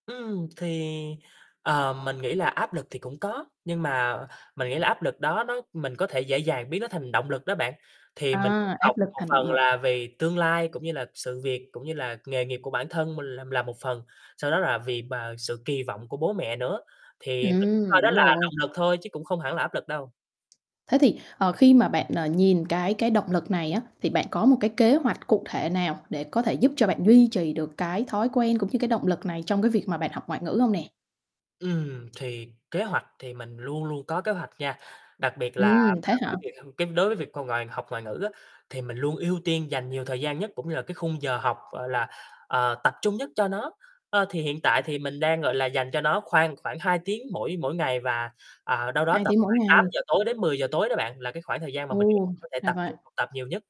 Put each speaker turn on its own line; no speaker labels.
Ừm, thì, ờ, mình nghĩ là áp lực thì cũng có, nhưng mà mình nghĩ là áp lực đó nó mình có thể dễ dàng biến nó thành động lực đó bạn. Thì mình cũng
À,
học
áp lực
một
thành động
phần
lực.
là vì tương lai, cũng như là sự việc cũng như là nghề nghiệp của bản thân mình l là một phần, sau đó là vì bà sự kỳ vọng của bố mẹ nữa, thì mình
Ừm,
coi đó
đúng
là
rồi.
động lực thôi chứ cũng không hẳn là áp lực đâu.
Thế thì, ờ, khi mà bạn, ờ, nhìn cái cái động lực này á thì bạn có một cái kế hoạch cụ thể nào để có thể giúp cho bạn duy trì được cái thói quen, cũng như cái động lực này trong cái việc mà bạn học ngoại ngữ hông nè?
Ừm, thì kế hoạch thì mình luôn luôn có kế hoạch nha, đặc biệt là
Ừm,
là
thế hả?
cái việc cái đối với việc c ngoại học ngoại ngữ á, thì mình luôn ưu tiên dành nhiều thời gian nhất cũng như là cái khung giờ học, gọi là, ờ, tập trung nhất cho nó. Ơ, thì hiện tại thì mình đang, gọi là, dành cho nó khoan khoảng 2 tiếng mỗi mỗi ngày và, ờ, đâu đó
2
tầm
tiếng mỗi
khoảng tám
ngày.
giờ tối đến 10:00 tối đó bạn, là cái khoảng thời gian mà mình nghĩ
Ồ,
có thể
ra
tập
vậy.
trung học tập nhiều nhất.